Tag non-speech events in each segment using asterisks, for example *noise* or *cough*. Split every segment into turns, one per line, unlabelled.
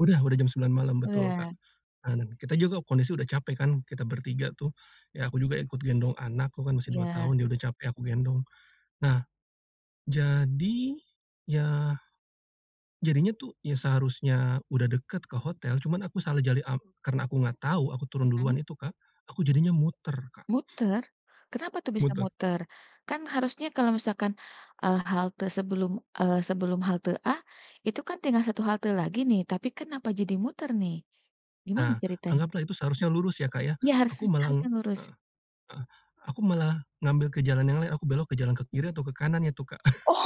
Udah udah jam 9 malam, betul, Kak.
Wah.
Nah, kita juga kondisi udah capek kan, kita bertiga tuh. Ya, aku juga ikut gendong anak, anakku kan masih 2
Ya.
tahun, dia udah capek aku gendong. Nah, jadi ya jadinya tuh, ya, seharusnya udah dekat ke hotel, cuma aku salah cari ap karena aku nggak tahu, aku turun
Mhm.
duluan itu, Kak, aku jadinya muter, Kak.
Muter? Kenapa tuh bisa
Muter.
muter? Kan harusnya kalau misalkan, eee, halte sebelum eee, sebelum halte A, itu kan tinggal 1 halte lagi nih, tapi kenapa jadi muter, nih? Gimana
Nah,
ceritanya?
anggaplah itu seharusnya lurus ya, Kak, ya.
Ya, harus
Aku malah
harus yang lurus.
heeh, heeh. Aku malah ngambil ke jalan yang lain, aku belok ke jalan ke kiri, atau ke kanan itu, Kak.
Oh,
*chuckles*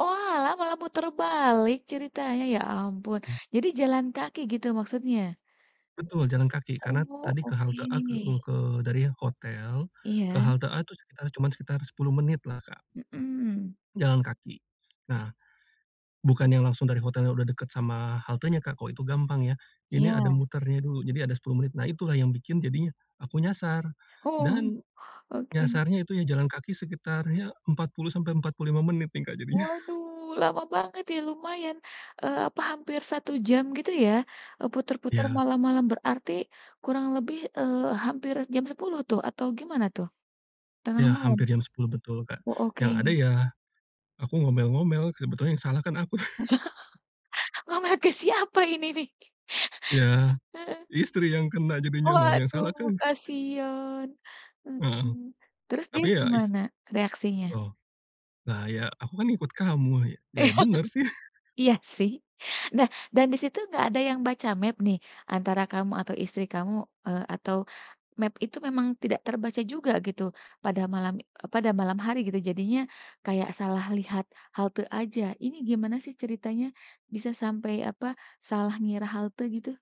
oalah, malah muter balik ceritanya. Ya ampun. Jadi jalan kaki gitu maksudnya?
Betul, jalan kaki. Karena
Oh,
tadi ke halte A, ke u
oke.
ke dari hotel ke
Iya.
halte A tuh sekitar cuma sekitar 10 menit lah, Kak.
Mhm.
Jalan kaki. Nah, bukan yang langsung dari hotelnya udah dekat sama haltenya, Kak, kalau itu gampang ya. Ini ada
Iya.
muternya dulu. Jadi ada 10 menit. Nah, itulah yang bikin jadinya aku nyasar.
Oh,
Dan,
oke.
nyasarnya itu, ya jalan kaki sekitar, ya 40 sampai 45 menit nih, Kak, jadinya. *chuckles*
Waduh, lama banget ya, lumayan, eee, apa, hampir 1 jam, gitu ya? Eee, putar-putar,
Iya.
malam-malam. Berarti kurang lebih, eee, hampir jam 10 tuh, atau gimana tuh? Tengah
Ya,
malam?
hampir jam 10, betul, Kak.
Oh,
Yang ada
oke.
ya, aku ngomel-ngomel, sebetulnya yang salah kan aku. *chuckles*
*laughs* Ngomel ke siapa ini, nih?
Ya.
*laughs* Heeh.
Istri yang kena, jadinya, loh, yang
Waduh,
salah kan
kasihan.
Heeh.
Heeh. Terus dia
Tapi ya, is
gimana, reaksinya?
Oh. Nah, "Ya, aku kan ikut kamu." Ya, benar, sih.
*laughs*
*chuckles*
Iya, sih. Nah, dan di situ nggak ada yang baca map, nih, antara kamu atau istri kamu? Eee, atau map itu memang tidak terbaca juga gitu pada malam e pada malam hari, gitu? Jadinya, kayak salah lihat halte aja? Ini gimana sih ceritanya bisa sampai, apa, salah ngira halte gitu?